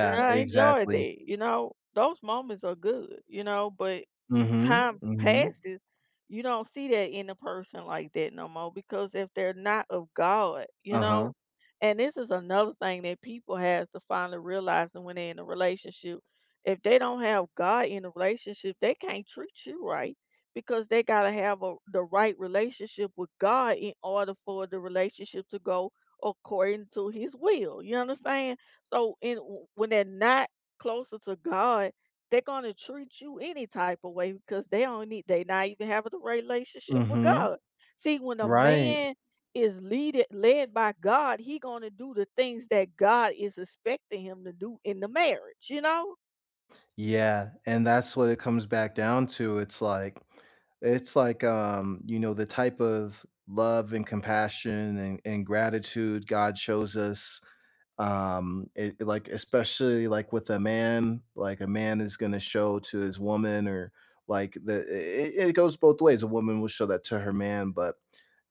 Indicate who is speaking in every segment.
Speaker 1: And I enjoyed
Speaker 2: exactly.
Speaker 1: it, you know? Those moments are good, you know? But,
Speaker 2: Mhm,
Speaker 1: time
Speaker 2: mhm.
Speaker 1: passes, you don't see that in a person like that no more because if they're not of God, you
Speaker 2: Uh-huh.
Speaker 1: know? And- this is another thing that people have to finally realize that when they in a relationship- if they don't have God in a relationship, they can't treat you right because they gotta have a the right relationship with God in order for the relationship to go according to his will, you understand? So and w when they're not closer to God, they're gonna treat you any type a way because they don't need they not even have the relationship with
Speaker 2: Mhm.
Speaker 1: God. See, when a
Speaker 2: Right.
Speaker 1: man is leaded led by God, he gonna do the things that God is expecting him to do in the marriage, you know?
Speaker 2: Yeah, and that's what it comes back down to, it's like it's like, um, you know, the type of love, and compassion, and and gratitude God shows us, um, it like, especially, like, with a man, like a man is gonna show to his woman or, like, the i i it goes both ways, a woman will show that to her man, but,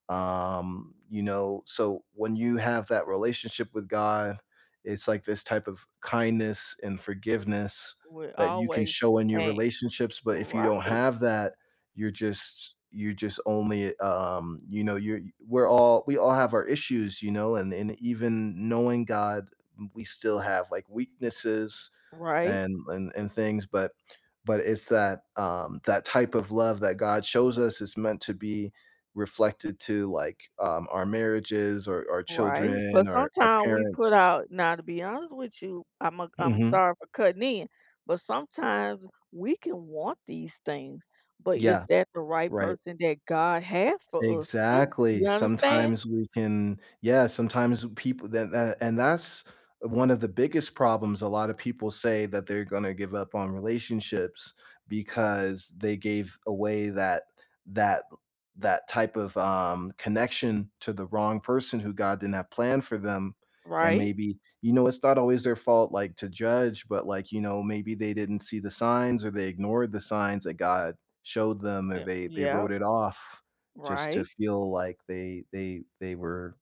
Speaker 2: um, you know, so when you have that relationship with God, it's, like, this type of kindness and forgiveness
Speaker 1: Would
Speaker 2: that you can
Speaker 1: always
Speaker 2: show in your
Speaker 1: a
Speaker 2: relationships, but if you don't
Speaker 1: right.
Speaker 2: have that, you're just you're just only, um you know, you're we're all we all have our issues, you know, and and even knowing God, we still have, like, weaknesses
Speaker 1: Right.
Speaker 2: and and and things, but but it's that, um that type of love that God shows us is meant to be reflected to like, um, our marriages, or our
Speaker 1: Right, but
Speaker 2: children, or our
Speaker 1: sometimes we put
Speaker 2: parents.
Speaker 1: out now to be honest with you, I'm a I'm
Speaker 2: Mhm.
Speaker 1: sorry for cutting in, but sometimes we can want these things, but is
Speaker 2: Yeah,
Speaker 1: that the right
Speaker 2: right.
Speaker 1: person that God has for us too?
Speaker 2: Exactly,
Speaker 1: You understand?
Speaker 2: sometimes we can yeah, sometimes people that that and that's one of the biggest problems a lotta people say that they're gonna give up on relationships because they gave away that that l that type of, um, connection to the wrong person who God didn't have planned for them, and
Speaker 1: Right.
Speaker 2: maybe you know, it's not always their fault, like, to judge, but, like, you know, maybe they didn't see the signs, or they ignored the signs that God showed them, or
Speaker 1: Yeah
Speaker 2: they they
Speaker 1: yep.
Speaker 2: wrote it off just to
Speaker 1: Right.
Speaker 2: feel like they they they were,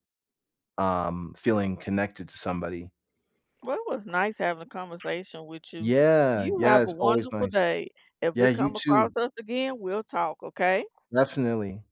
Speaker 2: um, feeling connected to somebody.
Speaker 1: Well, it was nice having a conversation with you.
Speaker 2: Yeah,
Speaker 1: You
Speaker 2: yeah
Speaker 1: have a
Speaker 2: it's always
Speaker 1: wonderful
Speaker 2: nice.
Speaker 1: day, if
Speaker 2: Yeah,
Speaker 1: it
Speaker 2: you
Speaker 1: come across
Speaker 2: too.
Speaker 1: us again, we'll talk, okay?
Speaker 2: Definitely.